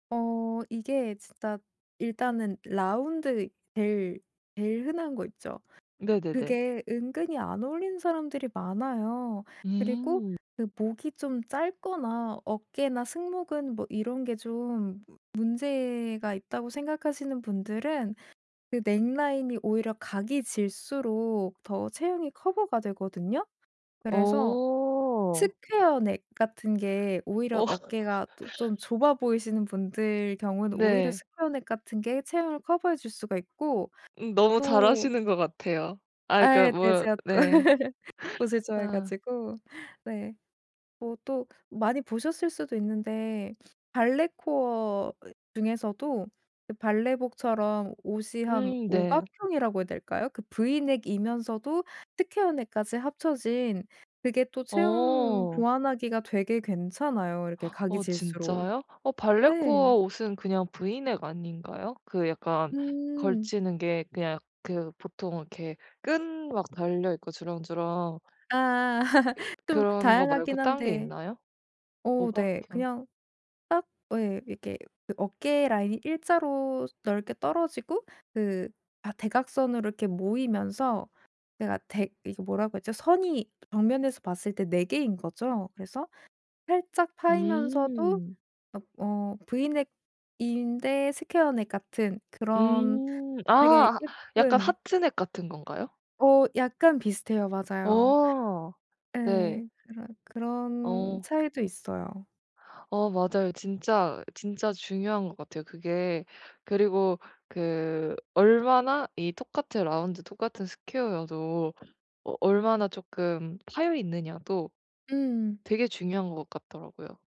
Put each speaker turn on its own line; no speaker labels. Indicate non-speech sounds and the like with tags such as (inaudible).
어 이게 진짜 일단은 라운드 제일 제일 흔한 거 있죠?
네네네.
그게 은근히 안 어울리는 사람들이 많아요. 그리고
음.
그 목이 좀 짧거나 어깨나 승모근 뭐 이런 게 좀 무 문제가 있다고 생각하시는 분들은 그 넥 라인이 오히려 각이 질수록 더 체형이 커버가 되거든요. 그래서
어.
스퀘어넥 같은 게 오히려
어.
어깨가 또 좀
(laughs)
좁아 보이시는 분들 경우에는 오히려
네.
스퀘어넥 같은 게 체형을 커버해 줄 수가 있고
음 너무 잘
또
아시는 것 같아요. 아 그러니까
예. 네.
뭐
제가 또
네.
(laughs) 옷을
(gasps)
좋아해
아.
가지고. 네. 뭐 또 많이 보셨을 수도 있는데 (sniffs) 발레 코어 이 중에서도 그 발레복처럼 옷이 한
음
5
네.
각형이라고 해야 될까요? 그 브이넥이면서도 스퀘어넥까지 합쳐진 그게 또 체형
어.
보완하기가 되게 괜찮아요 이렇게
(gasps)
각이
어
질수록.
진짜요? 어 발레코어
네.
옷은 그냥 브이넥 아닌가요? 그 약간
음.
걸치는 게 그냥 그 보통 이렇게 끈 막 달려 있고 주렁주렁
아.
예.
(laughs) 좀
그런 것 말고
다양하긴
딴 게
한데
있나요? 5
어우 네.
각형?
그냥 딱 어 예 이렇게 그 어깨 라인이 일자로 넓게 떨어지고 그 아 대각선으로 이렇게 모이면서 내가 댁 이게 뭐라고 했죠? 선이 정면에서 봤을 때 4 개인 거죠. 그래서 살짝 파이면서도
음.
옆 어 브이넥인데 스퀘어넥 같은 그런
음.
되게
아 약간
예쁜
하트넥 같은 건가요?
어 약간 비슷해요. 맞아요.
어. 네.
예. 그런 그런
어.
차이도 있어요.
어 맞아요. 진짜 진짜 중요한 것 같아요. 그게 그리고 그 얼마나 이 똑같은 라운드 똑같은 스퀘어여도 어 얼마나 쪼끔 파여 있느냐도
음.
되게 중요한 것 같더라고요.